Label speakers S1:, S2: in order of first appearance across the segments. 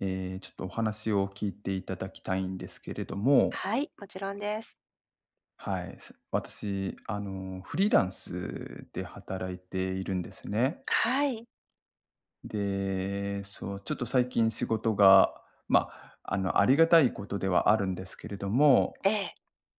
S1: ええ、ちょっと、お話を聞いていただきたいんですけれども。
S2: はい、もちろんです。
S1: はい、私、あの、フリーランスで働いているんですね。
S2: はい。
S1: で、そう、ちょっと、最近仕事が、ま、あの、ありがたいことではあるんですけれども、
S2: ええ。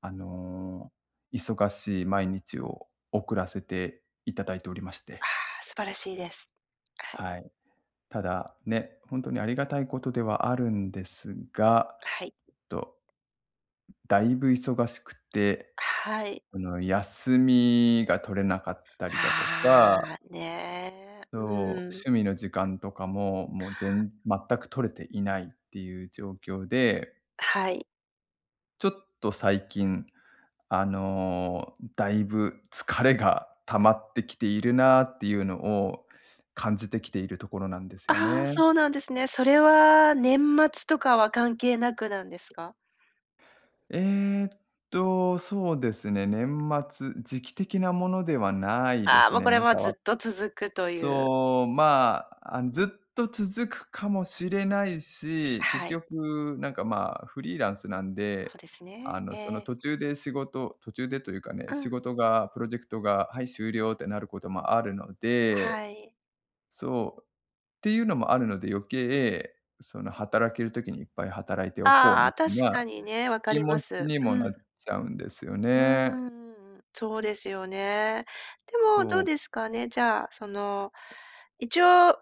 S1: あの、忙しい毎日を送らせていただいておりまして。
S2: ああ、素晴らしいです。はい。
S1: はい。ただ、ね、本当にありがたいことではあるんですが、
S2: はい。
S1: っとだいぶ忙しくて、
S2: はい。
S1: その、休みが取れなかったりだと
S2: あ
S1: か。
S2: あ、ね
S1: そ
S2: え、
S1: う、
S2: うん。
S1: 趣味の時間とかも、もう、ぜん全く取れていないっていう状況で。
S2: はい。
S1: ちょっと、最近、あの、だいぶ疲れが溜まってきているなあっていうのを感じてきているところなんですよ
S2: ああ、
S1: ね。
S2: そうなんですね。それは年末とかは関係なくなんですか？
S1: えっと、そうですね、年末、時期的なものではないで
S2: ああ、
S1: す
S2: もう、
S1: ね。
S2: これ
S1: なん
S2: は
S1: か、
S2: ず
S1: わ
S2: っと続くという。
S1: そう、まあ、ずっと続くかもしれないし、結
S2: はい。
S1: 局、なんか、ま、フリーランスなん
S2: そ
S1: で、
S2: うです
S1: あ
S2: ね。
S1: の、
S2: え
S1: その、
S2: え。
S1: 途中で仕事、途中でというかね、
S2: う
S1: 仕
S2: ん。
S1: 事がプロジェクトが、はい、終了ってなることもあるので
S2: はい。
S1: そうっていうのもあるので、余計、その、働ける時にいっぱい働いておこう
S2: あ
S1: み
S2: あ、
S1: た
S2: 確
S1: い
S2: か
S1: な
S2: にね、わか
S1: 気
S2: りま
S1: 持ち
S2: す。
S1: に
S2: う
S1: もな
S2: ん。
S1: っちゃうんですよ
S2: うーん、う
S1: ね。
S2: んうん、そうですよね。でも、ど
S1: そ
S2: う
S1: う。
S2: ですかね、じゃあ、その、一応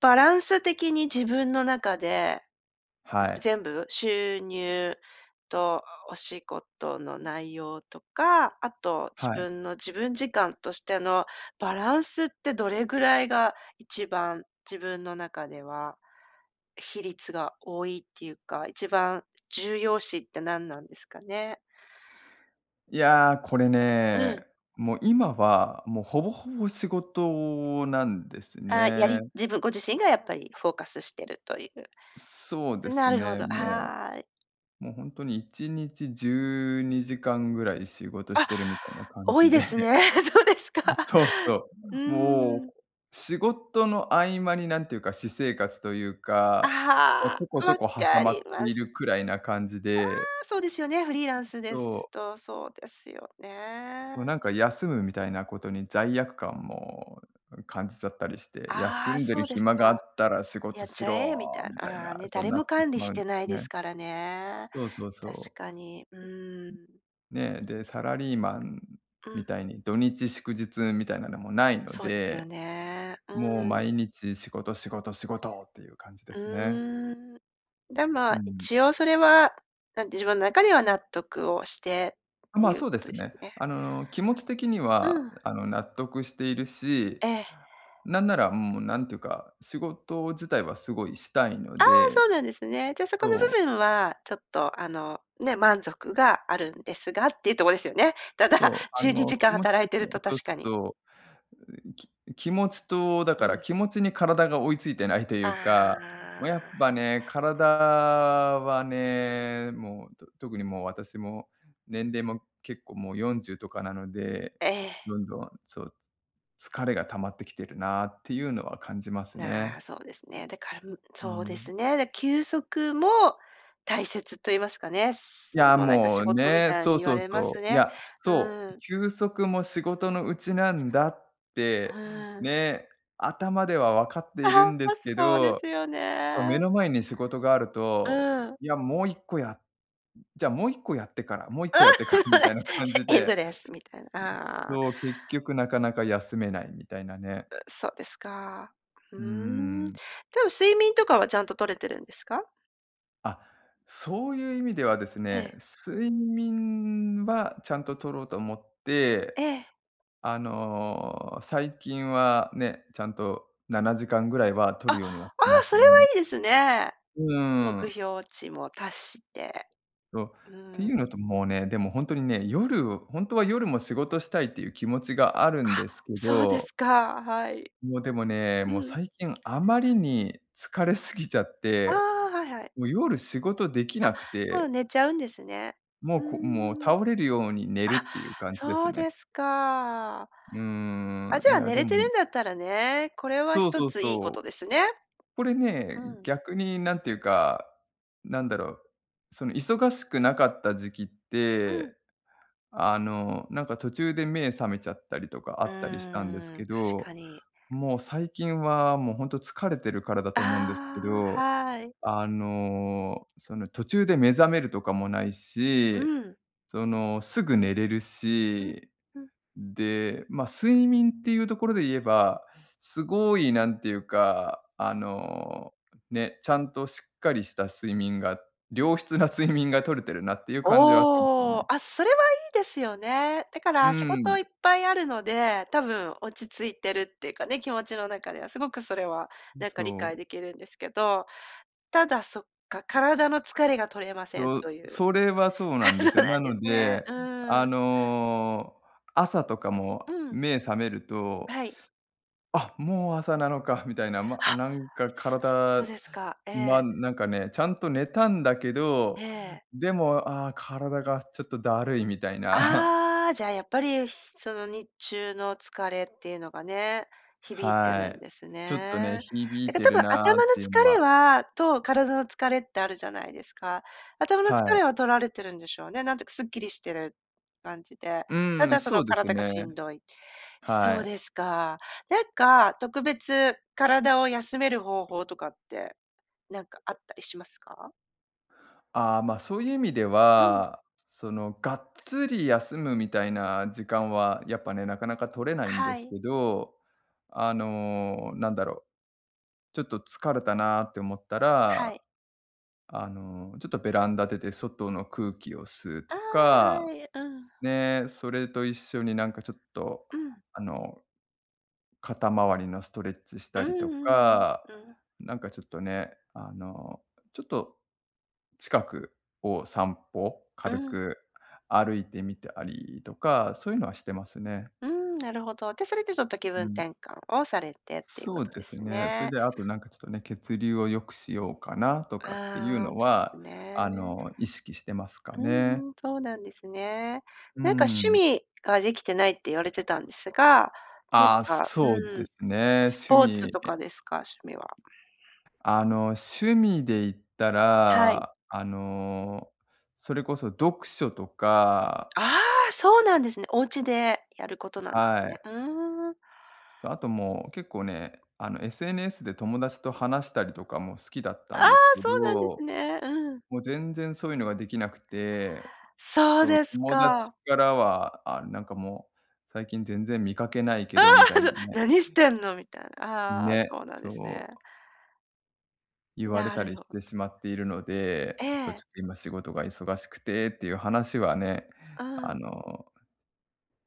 S2: バランス的に自分の中で
S1: はい。
S2: 全部収入とお仕事の内容とか、あと自
S1: はい。
S2: 分の自分時間としてのバランスってどれぐらいが1番自分の中では、比率が多いっていうか、1番重要視って何なんですかね。
S1: いや、これ
S2: う
S1: ね、
S2: ん。
S1: もう、今は、もう、ほぼほぼ仕事なんです
S2: あ、や
S1: ね。
S2: り自分、ご自身が、やっぱり、フォーカスしているとい
S1: そうで
S2: う。な
S1: す
S2: るほ
S1: ね、
S2: ど、
S1: も
S2: はい。
S1: う。もう、本当に1日12時間ぐらい仕事し
S2: あ、
S1: てるみたいな感
S2: 多い
S1: じで。
S2: ですね、そうですか。
S1: そうそ
S2: う
S1: う。もう、
S2: ん。
S1: 仕事の合間になんていうか私生活というか、こう
S2: あ
S1: ちょこ
S2: あ、
S1: ちょ
S2: 分
S1: こ挟
S2: か
S1: ま
S2: り
S1: って
S2: ま
S1: い
S2: す。
S1: るくらいな感じ
S2: あ
S1: で。
S2: あ、そうですよね、フリーランスで
S1: そう。
S2: すとそうですよ
S1: もう、
S2: ね。
S1: なんか、休むみたいなことに罪悪感も感じちゃったりして「休
S2: ああ、
S1: んで
S2: そ
S1: る
S2: うです
S1: 暇があ
S2: か、
S1: ったら仕
S2: や
S1: 事
S2: っ
S1: し
S2: ちゃえみた
S1: ろ」
S2: い
S1: みたい
S2: な、ああ、
S1: な、
S2: ね、
S1: そう
S2: 誰
S1: な
S2: も
S1: ってし
S2: 管理
S1: ま
S2: し
S1: うんで
S2: てない
S1: すよ
S2: で
S1: ね。
S2: すからね、
S1: そうそう
S2: 確
S1: そう。
S2: かに、うーん。
S1: ね、で、サラリーマン
S2: うん。
S1: みたいに土日祝日みたいなのもないの
S2: そうですよ
S1: で。
S2: ね。う
S1: もう、
S2: ん。
S1: 毎日仕事仕事仕事っていう感じで
S2: う
S1: すね。
S2: ーん、で、ま
S1: う
S2: あ、
S1: ん。
S2: 一応それは、なんで自分の中では納得をして
S1: あ、
S2: って
S1: まあ、
S2: いう
S1: そうで
S2: こと
S1: す
S2: ですよ
S1: ね。
S2: ね。
S1: あの、気持ち的に
S2: う
S1: は、
S2: ん。
S1: あの、納得しているし、
S2: ええ。
S1: なんなら、もう、なんていうか、仕事自体はすごいしたいの
S2: ああ、
S1: で、
S2: そうなんですね。じゃあ、そこの部
S1: そう。
S2: 分は、ちょっと、あのね、満足があるんですがっていうとこですよね。た
S1: そ
S2: だ、
S1: う、あ
S2: じゅうに
S1: の、
S2: じか
S1: 気
S2: ん
S1: 持ち
S2: 働い
S1: 的
S2: て
S1: に
S2: る
S1: は
S2: と
S1: そう
S2: 確
S1: す
S2: か
S1: る
S2: に。
S1: と、き気持ちとだ
S2: う
S1: から
S2: ん。
S1: 気持ちに体が追いついてないという
S2: あ
S1: か、ま、やっ
S2: あ。
S1: ぱね、体はね、もう、特に、もう、私も年齢も結構もう40とかなので、
S2: ええ。
S1: どんどん、そう、疲れが溜まってきてるなっていうのは感じます
S2: なあ、
S1: ね。
S2: そうですね。だから
S1: う
S2: そうで
S1: ん。
S2: すね。だ、休息も大切と言いますかね、
S1: い
S2: それ
S1: や、
S2: も、なんか、
S1: も
S2: 仕
S1: う
S2: 事み
S1: ね、
S2: たい
S1: そう
S2: に言わ
S1: そう
S2: れま
S1: そ
S2: す
S1: う。い
S2: ね。
S1: や、
S2: う
S1: そう、
S2: ーん。
S1: 休息も仕事のうちなんだって、
S2: ああ。
S1: ね、頭ではわかって
S2: あ
S1: いる
S2: は、
S1: んで
S2: あ、
S1: すけ
S2: そうで
S1: ど、
S2: すよ
S1: その、目
S2: ね。
S1: の前に仕事がある
S2: う
S1: と、
S2: ん。
S1: いや、もう1個や、じゃあ、もう1個やってから、もう1個やってからみたいな感じ
S2: エンド
S1: で。
S2: レスみたいな。ああ。
S1: そう、結局なかなか休めないみたいなね。
S2: う、そうですか。うー
S1: うー
S2: ん、で
S1: ん。
S2: も睡眠とかはちゃんと取れてるんですか？
S1: あ、そういう意味ではです
S2: え
S1: ね、
S2: え。
S1: 睡眠はちゃんと取ろうと思って、
S2: ええ。
S1: あの、最近はね、ちゃんと7時間ぐらいは
S2: あ。
S1: 取る
S2: あ
S1: ようにはしてま
S2: あ、
S1: す。
S2: それはいいですね。
S1: うー
S2: 目
S1: ん。
S2: 標値も達して。
S1: そっ
S2: う
S1: てい
S2: ん。
S1: うのと、もうね、でも、ほんとにね、夜、ほんとは夜も仕事したいっていう気持ちがある
S2: あ、
S1: んですけ
S2: そうで
S1: ど。
S2: すか、はい。
S1: もう、でもね、
S2: う
S1: もう、
S2: ん。
S1: 最近あまりに疲れすぎ ちゃっ
S2: あ
S1: て、
S2: あ、はいはい。
S1: もう、夜仕事でき
S2: あ、
S1: なく
S2: もう
S1: て。
S2: 寝ちゃうんですね。
S1: も
S2: ふ
S1: う、
S2: ー
S1: こもう、
S2: ん。
S1: 倒れるように寝るっ
S2: あ、
S1: ていう感じです
S2: そう
S1: ね。
S2: ですか。
S1: うー
S2: あ、
S1: ん、
S2: じ
S1: い
S2: ゃあ、
S1: や、
S2: 寝
S1: で
S2: れて
S1: も
S2: るんだったらね、これは
S1: そ
S2: ひ
S1: う
S2: と
S1: そう
S2: ついいこ
S1: そう。
S2: とですね。
S1: これね、
S2: うん。
S1: 逆に何ていうか、なんだろう、その、忙しくなかった時期っ
S2: うん。
S1: て、あの、なんか、途中で目覚めちゃったりとかあ
S2: う
S1: ったりしたんです
S2: ーん、
S1: け
S2: 確
S1: ど、
S2: かに。
S1: もう、最近は、もう、本当疲れてるからだと思うんですけ
S2: ああ、
S1: ど、
S2: はい。
S1: あの、その、途中で目覚めるとかもない
S2: う
S1: し、
S2: ん。
S1: その、すぐ寝れる
S2: うん、
S1: し、
S2: うん。
S1: で、ま、睡眠っていうところでいえば、すごい何ていうか、あのね、ちゃんとしっかりした睡眠が良質な睡眠が
S2: [unintelligible]
S1: 取れてるなっていう感じはします
S2: おお、
S1: ね。
S2: あ、それはいいですよね。だか
S1: う
S2: ら仕事い
S1: ん。
S2: っぱいあるので、多分落ち着いてるっていうかね、気持ちの中では、すごくそれは、なん
S1: そ
S2: か、理解
S1: う。
S2: できるんですけど、ただ、そっか、体の疲れが取れません
S1: そう、
S2: という。
S1: それはそうな
S2: あ、
S1: んで
S2: そう
S1: すよ。
S2: な
S1: な
S2: んで
S1: の
S2: すね。
S1: で、
S2: うー
S1: あ
S2: ん。
S1: の、朝とか
S2: う
S1: も
S2: ん。
S1: 目覚めると、
S2: はい。
S1: あっ、もう朝なのかみたいな、ま、
S2: あ、
S1: なんか、
S2: そそそう
S1: 体、
S2: ですか。え
S1: ま、
S2: え。
S1: なんかね、ちゃんと寝たんだけ
S2: え
S1: ど、
S2: え。
S1: でも、ああ、体が、ちょっと、だるいみたいな。
S2: ああ、じゃあ、やっぱり、その、日中の疲れっていうのがね、響いて
S1: は
S2: るん
S1: い。
S2: です
S1: ちょっとね、
S2: ね。
S1: 響
S2: だ
S1: い
S2: から
S1: て
S2: 多
S1: る
S2: 分
S1: な
S2: 頭
S1: っ
S2: の
S1: ていうの
S2: 疲れ
S1: は
S2: はと、体の疲れってあるじゃないですか？頭の
S1: は
S2: 疲
S1: い。
S2: れは取られてるんでしょうね。なんというかかすっきりしてる感じで。た
S1: うん、
S2: だ、そ
S1: そ
S2: の、
S1: うです
S2: 体が
S1: ね。
S2: しんどい。
S1: は
S2: そうで
S1: い。
S2: すか。なんか、特別体を休める方法とかって、なんか、あったりしますか？
S1: ああ、まあ、そういう意味で
S2: うん。
S1: は、その、がっつり休むみたいな時間はやっぱね、なかなか取れないんで
S2: は
S1: す
S2: い。
S1: けど。あの、なんだろう、ちょっと疲れたなって思った
S2: は
S1: ら、
S2: い。
S1: あの、ちょっとベランダ出て外の空気を吸う
S2: あ
S1: と
S2: あ、は
S1: か、
S2: い。うん。
S1: ね、それと一緒に、なんか、ちょっと、
S2: うん。
S1: あの肩回りのストレッチし
S2: う
S1: たりと
S2: んうんうん。
S1: か、
S2: うん。
S1: なんか、ちょっとね、あの、ちょっと近くを散歩、
S2: う
S1: 軽
S2: ん。
S1: く歩いてみたりとか、そういうのはしてますね。
S2: うーん。なるほど。で、それでちょっと気
S1: う
S2: 分
S1: ん。
S2: 転換をされてっていうこ
S1: そう
S2: と
S1: で
S2: で
S1: す
S2: す
S1: ね。それ
S2: ね。
S1: で、あと、なんかちょっとね、血流を良くしようかなとかっていう
S2: ああ、
S1: の
S2: そうです
S1: は、あ
S2: ね。
S1: の、意識してますか
S2: う
S1: ね。
S2: んうん、そうなんですね。
S1: うー
S2: なんか趣
S1: ん。
S2: 味ができてないって言われてたんですが、なん
S1: ああ、
S2: か、
S1: そう
S2: う
S1: で
S2: ーん。
S1: すね。
S2: ス
S1: 趣
S2: ポーツと
S1: 味。
S2: かですか？趣味は。
S1: あの、趣味で言った
S2: はい。
S1: ら、あの、それこそ読書とか。
S2: ああ、そうなんですね。お家でやることなんです
S1: は
S2: ね。
S1: い。
S2: うーん。
S1: そ、あと、もう、結構ね、あの SNS で友達と話したりとかも好きだった
S2: あ
S1: ん
S2: あ、
S1: ですけ
S2: そうなんです
S1: ど、
S2: ね。うん。
S1: もう全然そういうのができなくて、
S2: そう
S1: そう、
S2: です
S1: 友達
S2: か。
S1: からは、ああ、なんかもう最近全然見かけない
S2: あ
S1: けど、みたい
S2: あ、
S1: な
S2: そう、何し
S1: ね。
S2: てんのみたいな、ああ、
S1: ね、
S2: そうなん
S1: そ
S2: です
S1: う。
S2: ね。
S1: 言われ
S2: な
S1: た
S2: る
S1: り
S2: ほ
S1: して
S2: ど。
S1: しまっているの
S2: え
S1: で、そう、ち
S2: え。
S1: ょっと、今仕事が忙しくてっていう話はね、
S2: あ
S1: あ
S2: あ。
S1: の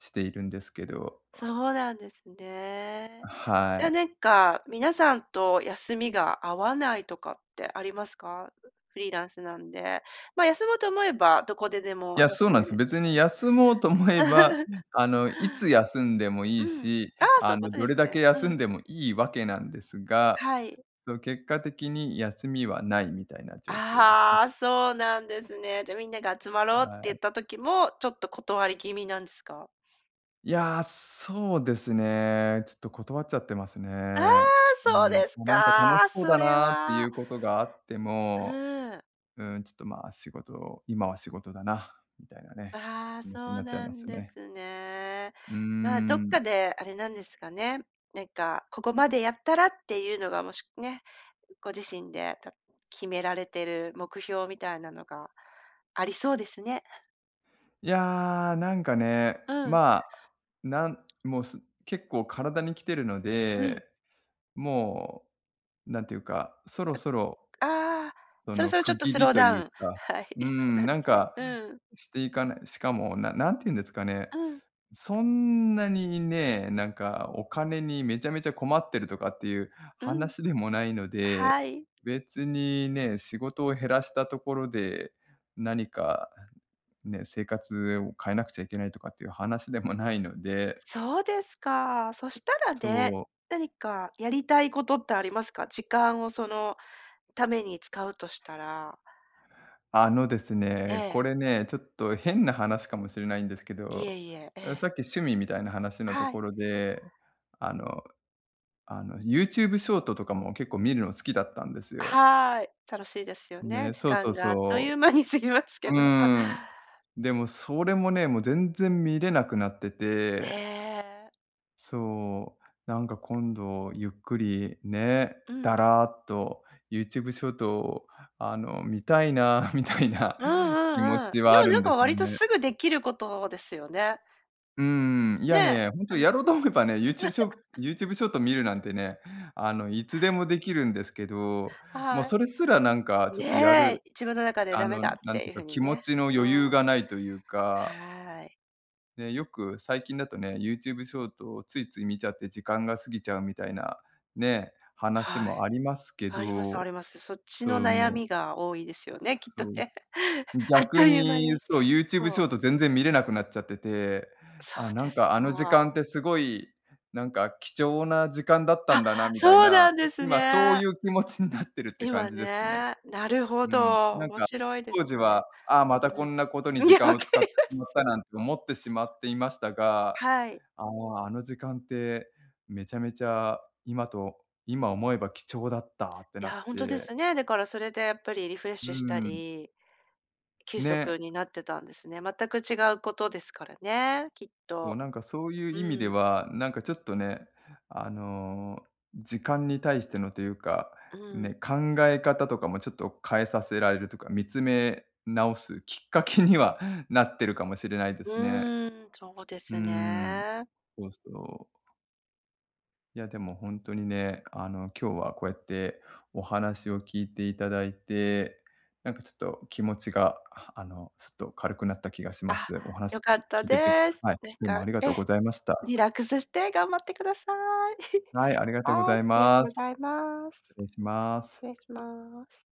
S1: しているんですけど。
S2: そうなんですね。じ
S1: は
S2: ゃ、
S1: い。
S2: なんか、皆さんと休みが合わないとかってありますか？う、フリーランスなんで、まあ、休もうと思えば、どこでで
S1: い
S2: も
S1: や、そう
S2: 休
S1: なん
S2: め
S1: す。
S2: るんで
S1: 別
S2: すか
S1: に
S2: ね。
S1: 休もうと思えば、あの、いつ休んでもい
S2: う
S1: い
S2: ん。あ
S1: し、
S2: あ、そうい
S1: あ
S2: うこ
S1: の、
S2: と
S1: ど
S2: で
S1: れ
S2: す
S1: だ
S2: ね。
S1: け休
S2: う
S1: ん
S2: ん。
S1: でもいいわけなんですが、
S2: はい。
S1: その、結果的に休みはないみたいな状況ですね。
S2: ああ、そうなんですね。じゃ、みんなが集まろうって
S1: は
S2: 言っ
S1: い。
S2: た時も、ちょっと、断り気味なんですか？
S1: いや、そうですね、ちょっと、断っちゃってます
S2: ああ、
S1: ね。う
S2: そう
S1: ん、
S2: です
S1: なんか、ま、楽し
S2: か、
S1: そう
S2: そ
S1: だ
S2: れ
S1: なってい
S2: は。
S1: うことがあっても、
S2: うん。
S1: うん、ちょっと、ま、仕事、今は仕事だなみたいなね、
S2: ああ、
S1: 気持ちに
S2: そ
S1: な
S2: う
S1: っちゃい
S2: な
S1: ま
S2: ん
S1: す
S2: で
S1: ね。
S2: すね。
S1: うー
S2: まあ、どっ
S1: ん。
S2: かであれなんですかね、なんか、ここまでやったらっていうのがもしね、ご自身でた決められてる目標みたいなのがありそうですね。
S1: いや、なんかね、
S2: うん。
S1: まあ、なんもうす結構体にきてるの
S2: うん。
S1: で、もう、なんていうか、そろそろ
S2: ああ、
S1: そ
S2: そろ
S1: の
S2: そろちょ
S1: 区
S2: っと
S1: 切
S2: ス
S1: り
S2: ロー
S1: と
S2: ダウ
S1: いう
S2: ン、
S1: か、
S2: はい、
S1: うー
S2: そうな
S1: ん、
S2: ん
S1: な
S2: で
S1: ん
S2: すね。
S1: か
S2: うん。
S1: していかないしかも、な何て言うんですかね、
S2: うん。
S1: そんなにね、なんかお金にめちゃめちゃ困ってるとかっていう
S2: うん。
S1: 話でもないので、
S2: はい。
S1: 別にね、仕事を減らしたところで、何かね、生活を変えなくちゃいけないとかっていう話でもないので。
S2: そうですか。そしたら
S1: そ
S2: ね、
S1: う。
S2: 何かやりたいことってありますか？時間をそのために使うとしたら。
S1: あのです
S2: え
S1: ね、こ
S2: え。
S1: れね、ちょっと変な話かもしれないんですけ
S2: いえ
S1: ど、
S2: いえ、え
S1: さ
S2: え。
S1: っき趣味みたいな話のと
S2: はい。
S1: ころで、あの、あのユーチューブショートとかも結構見るの好きだったんですよ。
S2: はい、楽しいですよね、
S1: ね、
S2: 時
S1: そうそ
S2: 間
S1: う
S2: があっとい
S1: そ
S2: う間に過ぎますけ
S1: う。う
S2: ど。
S1: ーん。でもそれもね、もう全然見れなくなって
S2: え
S1: て。
S2: え。
S1: そう、なんか今度ゆっくり、ね、
S2: うん。
S1: だらっとユーチューブショートをあの、見たいな、みたいな
S2: うんう
S1: 気持
S2: んうん、
S1: ち
S2: で
S1: はあ
S2: も
S1: る
S2: な
S1: ん
S2: ん
S1: で
S2: か
S1: すよ
S2: 割と
S1: ね。
S2: すぐできることですよね。
S1: うーん。いや
S2: ね、
S1: ね、ほんと
S2: うん。
S1: やろうと思えばね、ユーチューブショー ユーチューブショート見るなんてね、あの、いつでもできるんですけど、もう
S2: はい。
S1: それすらなんかちょっとや
S2: ね、
S1: る
S2: 自分の中で
S1: あ
S2: ダメ
S1: の
S2: だっ
S1: なん
S2: て
S1: て
S2: い
S1: い
S2: う
S1: うか、
S2: 風に
S1: 気持
S2: ね。
S1: ちの
S2: う
S1: 余裕がないというか
S2: ーん。はい。
S1: で、よく、最近だとね、ユーチューブショートをついつい見ちゃって時間が過ぎちゃうみたいな、ね、話
S2: は
S1: も
S2: い、
S1: ありますけ
S2: ありますあ
S1: ど、
S2: ります。そっち
S1: そ
S2: の
S1: う、
S2: 悩
S1: もう。
S2: みが多いですよね、きっ
S1: そ
S2: と
S1: う。
S2: ね。あっ
S1: 逆
S2: という間
S1: に
S2: に、
S1: そう、ユーチューブ
S2: そ
S1: シ
S2: う。
S1: ョート全然見れなくなっちゃってて、
S2: そう
S1: あ、な
S2: で
S1: ん
S2: す
S1: かあの時
S2: か。
S1: 間ってすごい、なんか貴重な時間だった
S2: あ、
S1: んだなみたい
S2: そう
S1: な、
S2: なんです
S1: 今そう
S2: ね。
S1: いう気持ちになってるって感
S2: 今
S1: じですね。
S2: ね、なる
S1: う
S2: ほ
S1: ーん、
S2: ど、
S1: なん
S2: 面
S1: か
S2: 白いで
S1: 当
S2: す
S1: 時は、
S2: ね。
S1: ああ、またこんなことに
S2: うん、い
S1: 時
S2: や、
S1: 間
S2: 分
S1: を
S2: か
S1: 使って
S2: りま
S1: し
S2: す。
S1: まった、なんて思ってしまっていましたが、
S2: はい。
S1: ああ、あの時間ってめちゃめちゃ今と今思えば貴重だったって
S2: い
S1: なっ
S2: や、ほんとで
S1: て。
S2: すね。だからそれでやっぱりリフレッ
S1: うー
S2: シュした
S1: ん。
S2: り、休息
S1: ね。
S2: になってたんですね、全く違うことですからね、きっ
S1: でも
S2: と、
S1: なんかそういう
S2: う
S1: 意味で
S2: ーん。
S1: はなんかちょっとね、あの、時間に対してのというか、
S2: うん。
S1: ね、考え方とかもちょっと変えさせられるとか、見つめ直すきっかけにはなってるかもしれないで
S2: う
S1: すね。
S2: ーん、そうで
S1: うー
S2: す
S1: ん、
S2: ね。
S1: そうそう。いやでもほんとにね、あの今日はこうやってお話を聞いていただいて、なんかちょっと気持ちがあのちょっと軽くなった気がしま
S2: あ、
S1: す。お話
S2: 良かった
S1: 聞いてて、
S2: です。
S1: はい、
S2: なん
S1: どうも
S2: か、
S1: ありがとう
S2: え、
S1: ございました。
S2: リラックスして頑張ってください。
S1: はい、ありがとうご
S2: は
S1: ざ
S2: い、あ
S1: い
S2: りがとう
S1: ま
S2: ご
S1: す。
S2: ざいま
S1: 失
S2: す。
S1: 礼しま
S2: 失
S1: す。
S2: 礼します。